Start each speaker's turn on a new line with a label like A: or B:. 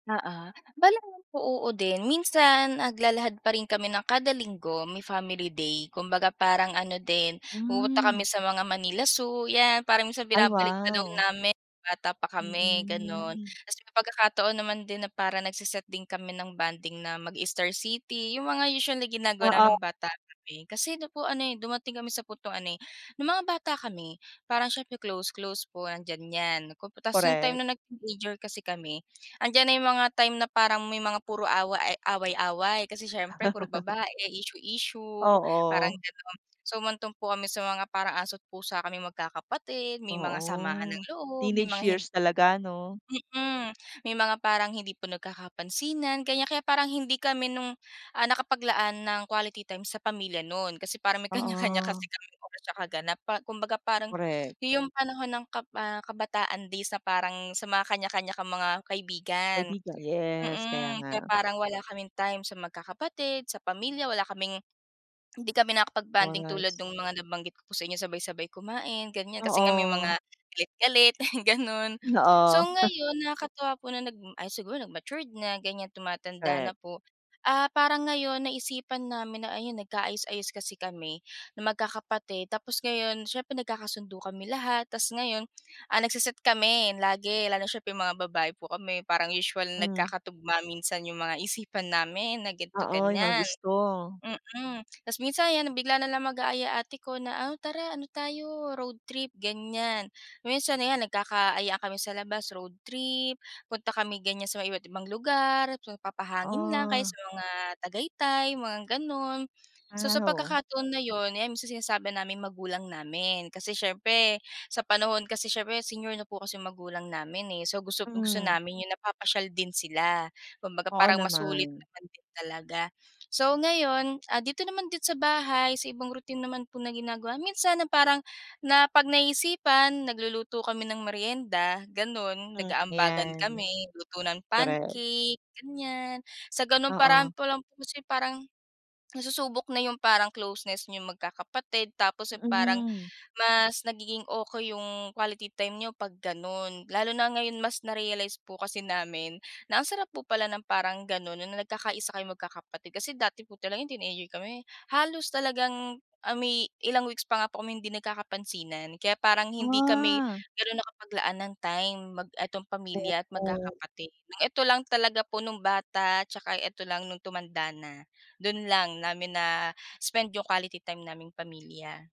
A: Oo. Bale [unintelligible] po oo din. Minsan naglalahad pa rin kami ng kada linggo may family day. Kumbaga, parang ano din, pumupunta kami
B: Mm.
A: sa mga Manila Zoo, 'yan. Parang minsan
B: Ay,
A: binabalik tanaw
B: wow.
A: namin nung bata pa kami, gano'n.
B: Mm.
A: Tapos may pagkakataon naman din na parang nagse-set din kami ng bonding na mag-Star City, yung mga usual na ginagawa
B: Oo.
A: namin nung bata kami. Kasi ano po ano, eh, dumating kami sa puntong ano, eh, nung mga bata kami parang siyempre, close-close po andiyan 'yan. Tapos yung time
B: Korek.
A: na nag-teenager kasi kami, andiyan na yung mga time na parang may mga puro awa ay away-away kasi siyempre puro babae, issue-issue, parang
B: Oo.
A: gano'n. So, humantong po kami sa mga parang aso't pusa kaming magkakapatid, may mga samaan ng
B: Oo,
A: loob, may
B: teenage
A: mga hin
B: years talaga ano?
A: Mm. May mga parang hindi po nagkakapansinan, ganyan. Kaya parang hindi kami nung, ah, nakapaglaan ng quality time sa pamilya no'n kasi parang nag kanya-kanya
B: Oo.
A: kasi kaming oras tsaka ganap pa kumbaga, parang
B: Korek.
A: yung panahon ng kab ah kabataan days na parang sa mga kanya-kanya kang mga kaibigan
B: Kaibigan. Yes, kaya
A: mm. Kaya
B: nga.
A: parang wala kaming time sa magkakapatid, sa pamilya, wala kaming hindi kami nakapag-bonding tulad
B: Oras.
A: nung mga nabanggit ko po sa inyo, sabay-sabay kumain, ganyan. Kasi nga may mga
B: Oo.
A: galit-galit, ganun. So,
B: Oo.
A: ngayon nakakatuwa po na nag ay siguro nag matured na ganyan, tumatanda
B: Korek.
A: na po. Ah, parang ngayon naisipan namin na ayun, nagka-ayos-ayos kasi kami na magkakapatid tapos ngayon siyempre nagkakasundo kami lahat. Tapos ngayon, ah, nagse-set kami lagi lalo siyempre mga babae po kami, parang usual
B: Mm.
A: nagkakatugma minsan yung mga isipan namin na
B: Oo, yung mga
A: gan'to-ganyan.
B: gusto.
A: Mm. Tapos minsan 'yan, ah, bigla na lang mag-aaya ate ko na, "Ah, tara. Ano tayo, road trip," ganyan. Minsan ayan, nagkaka-ayaan kami sa labas road trip, punta kami ganyan sa mga iba't ibang lugar, magpapahangin lang o kaya
B: Oo.
A: sa mga Tagaytay, mga gano'n. So,
B: Ah,
A: sa
B: ho
A: pagkakataon na yun ayan, minsan sinasama namin magulang namin. Kasi siyempre, sa panahon kasi siyempre senior na po kasi magulang namin, eh. So, gusto gusto
B: Mm.
A: namin yung napapasyal din sila. Kumbaga,
B: Oo
A: parang masulit
B: naman.
A: naman din talaga. So, ngayon, ah, dito naman din sa bahay, sa ibang routine naman po na ginagawa, minsan na parang na 'pag naiisipan, nagluluto kami ng merienda gano'n,
B: Mm,
A: nag-aambagan
B: ayan.
A: kami, luto ng
B: Korek.
A: pancake, ganyan. Sa ganung
B: Oo.
A: paraan pa lang po kasi parang nasusubok na yung parang closeness niyong magkakapatid. Tapos yung parang
B: Mm.
A: mas nagiging okey yung quality time niyo 'pag gan'on. Lalo na ngayon mas narealize po kasi namin na ang sarap po pala ng parang gano'n na nagkakaisa kayong magkakapatid. Kasi dati po talaga no'ng teenager kami halos talagang, ah, may ilang weeks pa nga kaming hindi nagkakapansinan. Kaya parang hindi kami
B: Ah.
A: ganun nakapaglaan ng time mag 'etong pamilya at
B: Opo.
A: magkakapatid. Ng eto lang talaga po nung bata tsaka 'eto lang nung tumanda na, dun lang namin na spend yung quality time naming pamilya.